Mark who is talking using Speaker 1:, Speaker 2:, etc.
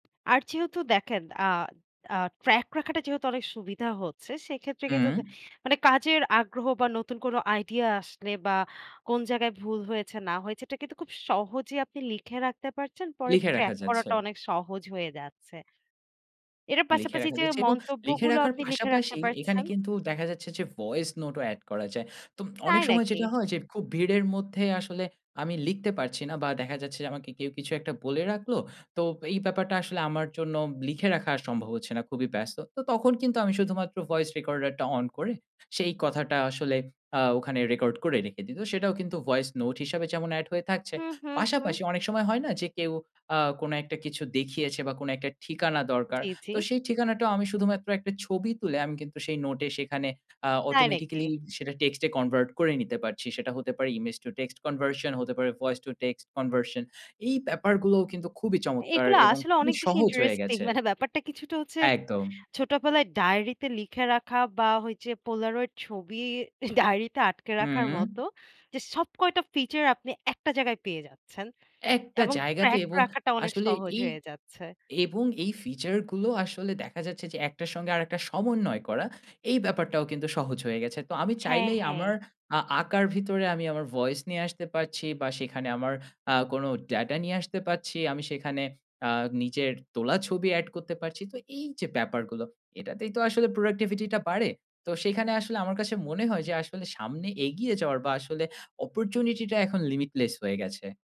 Speaker 1: আর যেহেতু দেখেন আ আ ট্র্যাক রাখাটা যেহেতু অনেক সুবিধা হচ্ছে সেক্ষেত্রে কিন্তু
Speaker 2: হুম।
Speaker 1: দে মানে কাজের আগ্রহ বা নতুন কোন আইডিয়া আসলে বা কোন জায়গায় ভুল হয়েছে না হয়েছে এটা কিন্তু খুব সহজেই আপনি লিখে রাখতে পারছেন। পরে
Speaker 2: লিখে রাখা
Speaker 1: ট্র্যাক
Speaker 2: যাচ্ছে।
Speaker 1: করাটা অনেক সহজ হয়ে যাচ্ছে। এটার
Speaker 2: লিখে
Speaker 1: পাশাপাশি
Speaker 2: রাখা
Speaker 1: যে
Speaker 2: যাচ্ছে এবং লিখে
Speaker 1: মন্তব্যগুলো
Speaker 2: রাখার
Speaker 1: আপনি লিখে রাখতে
Speaker 2: পাশাপাশি এখানে
Speaker 1: পারছেন।
Speaker 2: কিন্তু দেখা যাচ্ছে যে ভয়েস নোট ও এড করা যায়। তো অনেক
Speaker 1: তাই
Speaker 2: সময়
Speaker 1: নাকি?
Speaker 2: যেটা হয় যে খুব ভিড়ের মধ্যে আসলে আমি লিখতে পারছি না বা দেখা যাচ্ছে যে আমাকে কেউ কিছু একটা বলে রাখলো। তো এই ব্যাপারটা আসলে আমার জন্য লিখে রাখা সম্ভব হচ্ছে না। খুবই ব্যস্ত। তো তখন কিন্তু আমি শুধুমাত্র ভয়েস রেকর্ডার টা অন করে সেই কথাটা আসলে আ ওখানে রেকর্ড করে রেখে দিই। তো সেটাও কিন্তু ভয়েস নোট হিসাবে যেমন এড হয়ে থাকছে।
Speaker 1: হু, হু, হু।
Speaker 2: পাশাপাশি অনেক সময় হয় না যে কেউ আ কোন একটা কিছু দেখিয়েছে বা কোন একটা ঠিকানা দরকার।
Speaker 1: জ্বী, জ্বী।
Speaker 2: তো সেই ঠিকানাটাও আমি শুধুমাত্র একটা ছবি তুলে আমি কিন্তু সেই নোটে সেখানে আ
Speaker 1: তাই নাকি?
Speaker 2: অটোমেটিক্যালি সেটা টেক্সটে কনভার্ট করে নিতে পারছি। সেটা হতে পারে ইমেজ টু টেক্সট কনভারশন হতে পারে ভয়েস তো টেক্সট কনভারশন। এই ব্যাপারগুলোও কিন্তু খুবই চমৎকার
Speaker 1: এগুলো
Speaker 2: এবং
Speaker 1: আসলে
Speaker 2: খুবই
Speaker 1: অনেক বেশি
Speaker 2: সহজ হয়ে
Speaker 1: ইন্টারেস্টিং
Speaker 2: গেছে।
Speaker 1: মানে ব্যাপারটা কিছুটা হচ্ছে
Speaker 2: একদম।
Speaker 1: ছোটবেলায় ডায়েরিতে লিখে রাখা বা ওই যে পোলারয়েড ছবি ডায়েরিতে আটকে রাখার মতো।
Speaker 2: হুম।
Speaker 1: যে সব কয়টা ফিচার আপনি একটা জায়গায় পেয়ে যাচ্ছেন।
Speaker 2: একটা
Speaker 1: এবং
Speaker 2: জায়গাতে
Speaker 1: ট্র্যাক
Speaker 2: এবং
Speaker 1: রাখাটা অনেক
Speaker 2: আসলে
Speaker 1: সহজ
Speaker 2: এই
Speaker 1: হয়ে যাচ্ছে।
Speaker 2: এবং এই ফিচার গুলো আসলে দেখা যাচ্ছে যে একটার সঙ্গে আরেকটা সমন্বয় করা এই ব্যাপারটাও কিন্তু সহজ হয়ে গেছে। তো আমি
Speaker 1: হ্যাঁ,
Speaker 2: চাইলেই
Speaker 1: হ্যাঁ।
Speaker 2: আমার আ আঁকার ভিতরে আমি আমার ভয়েস নিয়ে আসতে পারছি বা সেখানে আমার আ কোনো ডাটা নিয়ে আসতে পারছি। আমি সেখানে আ নিজের তোলা ছবি এড করতে পারছি। তো এই যে ব্যাপারগুলো এটাতেই তো আসলে প্রোডাক্টিভিটি টা বাড়ে। তো সেখানে আসলে আমার কাছে মনে হয় যে আসলে সামনে এগিয়ে যাওয়ার বা আসলে অপরচুনিটি টা এখন লিমিটলেস হয়ে গেছে।